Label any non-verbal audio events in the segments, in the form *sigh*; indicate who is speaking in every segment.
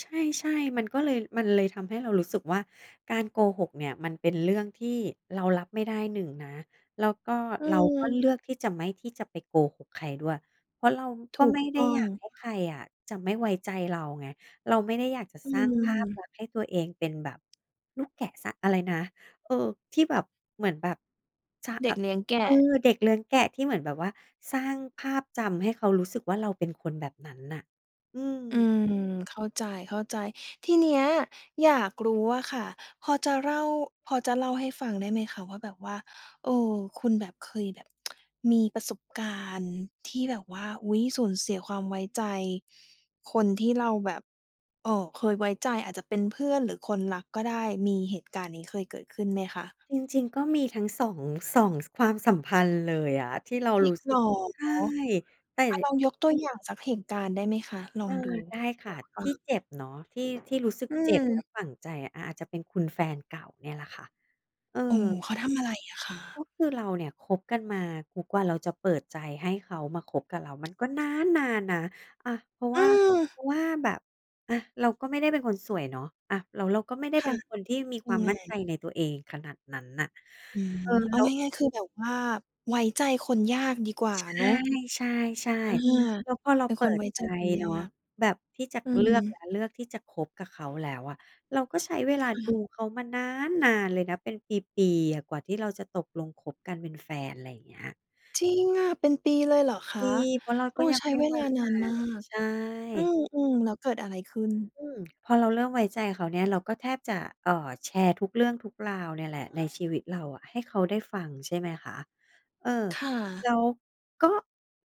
Speaker 1: ใช่ ๆ มันก็เลย มันเลยทำให้เรารู้สึกว่าการโกหกเนี่ยมันเป็นเรื่องที่เรารับไม่ได้ หนึ่งนะ แล้วก็
Speaker 2: อื
Speaker 1: เราก็
Speaker 2: ม
Speaker 1: เลือกที่จะไม่ ที่จะไปโกหกใครด้วย เพราะเราก
Speaker 2: ถ
Speaker 1: ็
Speaker 2: ู
Speaker 1: ไ
Speaker 2: ก
Speaker 1: ม่ไ
Speaker 2: ต
Speaker 1: ด้
Speaker 2: ้อ
Speaker 1: อย
Speaker 2: ง
Speaker 1: ากให้ใครอะจะไม่ไว้ใจเราไง เราไม่ได้อยากจะ
Speaker 2: อื
Speaker 1: สร้างภาพล
Speaker 2: ม
Speaker 1: ักษณ์ให้ตัวเองเป็นแบบลูกแกะสร้าง อะไรนะ เออ ที่แบบเหมือนแบบ ใช่
Speaker 2: เด
Speaker 1: อ
Speaker 2: ็กเลี้ยงแก
Speaker 1: เออ
Speaker 2: ะ
Speaker 1: เด็กเลี้ยงแกะที่เหมือนแบบว่าสร้างภาพจำให้เขารู้สึกว่าเราเป็นคนแบบนั้นน่ะ อื
Speaker 2: อื
Speaker 1: อ
Speaker 2: ม เข้าใจ ๆ ทีเนี้ยอยากรู้อะค่ะ พอจะเล่า พอจะเล่าให้ฟังได้ไหมคะว่าแบบว่า เออ คุณแบบเคยแบบ *tsk* มีประสบการณ์ที่แบบว่า อุ้ย สูญเสียความไว้ใจคนที่เราแบบ เอ่อ เคยไว้ใจ อาจจะเป็นเพื่อนหรือคนรักก็ได้ มีเหตุการณ์นี้เคยเกิด ขึ้นไหมคะ?
Speaker 1: จริง ๆ ก็มีทั้งสอง 2 ความสัมพันธ์เลยอะ ที่เรา
Speaker 2: จร
Speaker 1: ร
Speaker 2: ิ
Speaker 1: ู
Speaker 2: ง
Speaker 1: ้ส
Speaker 2: เ
Speaker 1: ึ
Speaker 2: หร
Speaker 1: ก
Speaker 2: อ
Speaker 1: ใช่ แต่
Speaker 2: อา
Speaker 1: จ
Speaker 2: ล
Speaker 1: ะ
Speaker 2: องยกตัวอย่างสักเหตุการณ์ได้ไหมคะ? ล
Speaker 1: เ
Speaker 2: อ
Speaker 1: อ
Speaker 2: ง
Speaker 1: อ
Speaker 2: ดู
Speaker 1: ได้
Speaker 2: อ
Speaker 1: ค่ะ
Speaker 2: ยากฟ
Speaker 1: ท
Speaker 2: ั
Speaker 1: ี
Speaker 2: ง
Speaker 1: ่เจ็บเนาะ ที่ ที่รู้สึก
Speaker 2: อื
Speaker 1: เจ็บและ
Speaker 2: ม
Speaker 1: ฝั่งใจอะ อา อาจจะเป็นคุณแฟนเก่าเนี่ยแหละค่ะ เออ
Speaker 2: โอ้ เขาทำอะไรอะค
Speaker 1: ก็
Speaker 2: ะ?
Speaker 1: คือเราเนี่ยคบกันมา ทุกวันเราจะเปิดใจให้เขามาคบกับเรามันก็นานนานนะ อา เพราะว
Speaker 2: อื
Speaker 1: ่า เพ
Speaker 2: อ
Speaker 1: ราะว่าแบบ อา เราก็ไม่ได้เป็นคนสวยเนาะ อา แล้วเราก็ไม่ได้
Speaker 2: ค
Speaker 1: เป
Speaker 2: ่
Speaker 1: ็
Speaker 2: ะ
Speaker 1: นคนที่มี
Speaker 2: เป
Speaker 1: ค
Speaker 2: ็
Speaker 1: ว
Speaker 2: น
Speaker 1: าม
Speaker 2: ยั
Speaker 1: มั
Speaker 2: ง
Speaker 1: ่
Speaker 2: ไ
Speaker 1: น
Speaker 2: ง?
Speaker 1: ใจในตัวเองขนาดนั้นน่ะ
Speaker 2: อืม
Speaker 1: เออ
Speaker 2: เอ
Speaker 1: แ
Speaker 2: า
Speaker 1: ล้ว
Speaker 2: ง่าย ๆ คือแบบว่าไว้ใจคนยากดีกว่าเนาะ
Speaker 1: ใช่
Speaker 2: อา
Speaker 1: ๆ ๆ แล้วพอเรา
Speaker 2: เป็น
Speaker 1: เป
Speaker 2: ค
Speaker 1: ิ
Speaker 2: น
Speaker 1: ด
Speaker 2: ไว้
Speaker 1: ใจ
Speaker 2: ใจคนย
Speaker 1: เน
Speaker 2: า
Speaker 1: าะ
Speaker 2: ก
Speaker 1: แบบที่จะ
Speaker 2: อื
Speaker 1: เลือกแล้
Speaker 2: ม
Speaker 1: ว เลือกที่จะคบกับเขาแล้วอะ เราก็ใช้เวล
Speaker 2: ค
Speaker 1: าดู
Speaker 2: ่ะ
Speaker 1: เขามานานนานเลยนะ เป็นปี ๆ อะ กว่าที่เราจะตกลงคบกันเป็นแฟน อะไรอย่างเงี้ย
Speaker 2: จริงอะ เป็นปีเลยเหรอ ค
Speaker 1: ด
Speaker 2: ะ
Speaker 1: ี เพราะเรา
Speaker 2: โ
Speaker 1: ก
Speaker 2: อ้
Speaker 1: ็ยัง
Speaker 2: ใช้
Speaker 1: ไม่
Speaker 2: เว
Speaker 1: ไว้
Speaker 2: ลาน
Speaker 1: ใจ
Speaker 2: านมาก
Speaker 1: ใช
Speaker 2: อื
Speaker 1: ่
Speaker 2: ม ๆ แล้วเกิดอะไรขึ้น?
Speaker 1: อืม พอเราเริ่มไว้ใจเขาเนี่ย เราก็แทบจะ เอ่อ แชร์ทุกเรื่องทุกราวเนี่ย แหละในชีวิตเราให้เขาได้ฟังใช่ไหมคะ เออ
Speaker 2: ค่
Speaker 1: แ
Speaker 2: ะ
Speaker 1: ล้วก็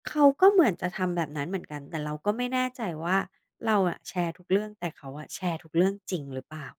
Speaker 1: เขาก็เหมือนจะทำแบบนั้นเหมือนกัน แต่เราก็ไม่แน่ใจว่าเราอะแชร์ทุกเรื่อง แต่เขาอะแชร์ทุกเรื่องจริงหรือเปล่า